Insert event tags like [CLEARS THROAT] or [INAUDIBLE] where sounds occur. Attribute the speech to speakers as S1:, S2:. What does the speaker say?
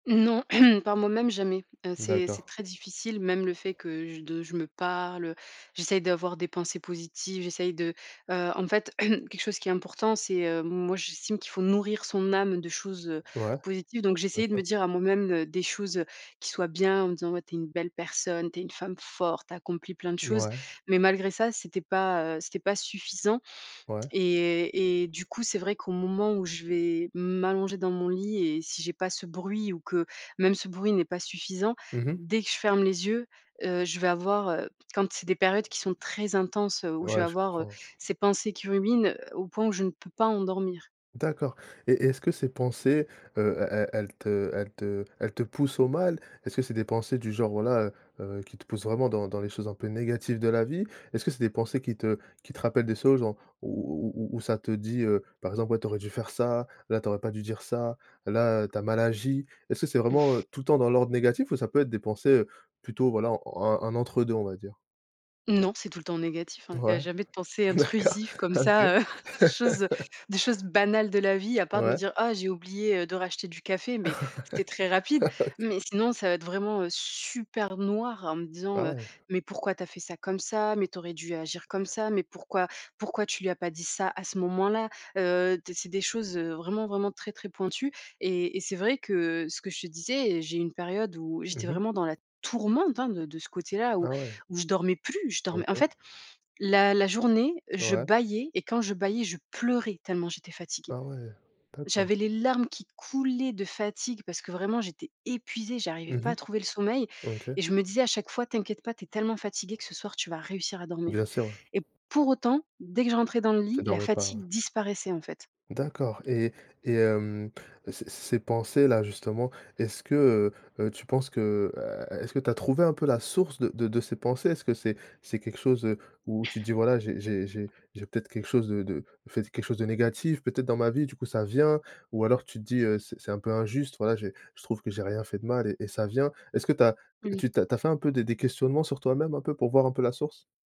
S1: Non, [CLEARS THROAT] par moi-même, jamais. Heu, c'est c'est
S2: D'accord.
S1: très difficile, même le fait que j de je me parle, heu, j'essaye d'avoir des pensées positives. J'essaye de heu, en fait, [CLEARS THROAT] quelque chose qui est important, c'est, heu, moi, j'estime qu'il faut nourrir son âme de choses, heu,
S2: Ouais.
S1: positives donc
S2: Bien
S1: j'essayais de me
S2: sûr.
S1: dire à moi-même, heu, des choses, heu, qui soient bien, en me disant: «Ouais, tu es une belle personne. Tu es une femme forte, tu as accompli plein de choses».
S2: Mouais.
S1: Mais malgré ça, c'était pas, heu, c'était pas suffisant
S2: Ouais.
S1: et et du coup, c'est vrai qu'au moment où je vais m'allonger dans mon lit et si j'ai pas ce bruit ou que, même, ce bruit n'est pas suffisant,
S2: Mmh mh.
S1: dès que je ferme les yeux, heu, je vais avoir, heu, quand c'est des périodes qui sont très intenses où je vais
S2: Ouais, je
S1: avoir, heu,
S2: comprends.
S1: ces pensées qui ruminent, au point où je ne peux pas en dormir.
S2: D'accord et et est-ce que ces pensées, heu, elles elles elles te elles te elles te poussent au mal? Est-ce que c'est des pensées du genre, voilà, heu heu, qui te poussent vraiment dans dans les choses un peu négatives de la vie? Est-ce que c'est des pensées qui te qui te rappellent des choses, genre où où où où ça te dit, heu, par exemple: «Ouais, tu aurais dû faire ça. Là, tu aurais pas dû dire ça. Là, tu as mal agi». Est-ce que c'est vraiment,
S1: [CHUCKLES]
S2: heu, tout le dans l'ordre négatif ou ça peut être des pensées, heu, plutôt, voilà, un un entre deux, on va dire?
S1: Non, c'est tout le temps négatif, hein. Il y a
S2: Ouais,
S1: jamais de pensées
S2: d'accord.
S1: intrusives comme
S2: Ah, OK.
S1: ça, heu, des choses, heu,
S2: [LAUGHS]
S1: des choses banales de la vie, à part de me
S2: Ouais.
S1: dire: «Oh, j'ai oublié, heu, de racheter du café»
S2: Ouais.
S1: mais c'était très rapide.
S2: Ah, OK.
S1: Mais sinon ça va être vraiment, heu, super noir, en me disant,
S2: Ah,
S1: heu:
S2: ouais.
S1: «Mais pourquoi tu as fait ça comme ça? Mais tu aurais dû agir comme ça! Mais pourquoi? Pourquoi tu lui as pas dit ça, à ce moment-là?» heu, t c'est des choses, heu, vraiment, vraiment très, très pointues et et c'est vrai que ce que je te disais, eh, j'ai eu une période où
S2: Mmh
S1: j'étais
S2: mh.
S1: vraiment dans la tourmente, hein, de de ce côté-là où
S2: Ah, ouais.
S1: où je dormais plus. Je dormais en
S2: OK.
S1: fait, la la journée, je
S2: Ouais.
S1: bâillais et quand je bâillais, je pleurais tellement, j'étais fatiguée.
S2: Ah, ouais. D'accord.
S1: J'avais les larmes qui coulaient de fatigue parce que, vraiment, j'étais épuisée. J'arrivais
S2: Mmh
S1: pas à
S2: mh.
S1: trouver le sommeil
S2: OK.
S1: et je me disais, à chaque fois: «T'inquiète pas. Tu es tellement fatiguée que ce soir, tu vas réussir à dormir»
S2: Bien sûr. Ouais.
S1: et pour autant, dès que je rentrais dans le
S2: Tu
S1: lit, la
S2: dormais pas. Ouais.
S1: fatigue disparaissait, en fait.
S2: D'accord et et hem, c ces ces pensées-là, justement, est-ce que, heu heu, tu penses que heu, est est-ce que tu as trouvé, un peu, la source de de de ces pensées? Est-ce que c'est c'est quelque chose, heu, où tu te dis: «Voilà, j'ai j'ai j'ai j'ai peut-être quelque chose, heu, de de ou fait quelque chose de négatif, peut-être, dans ma vie. Du coup, ça vient» ou alors, tu te dis, heu: «C'est c'est un peu injuste. Voilà, j'ai je trouve que j'ai rien fait de mal et et ça vient»? Est-ce que tu as
S1: Mmh.
S2: tu tu as tu fais un peu des des questionnements sur toi-même, un peu, pour voir un peu la source?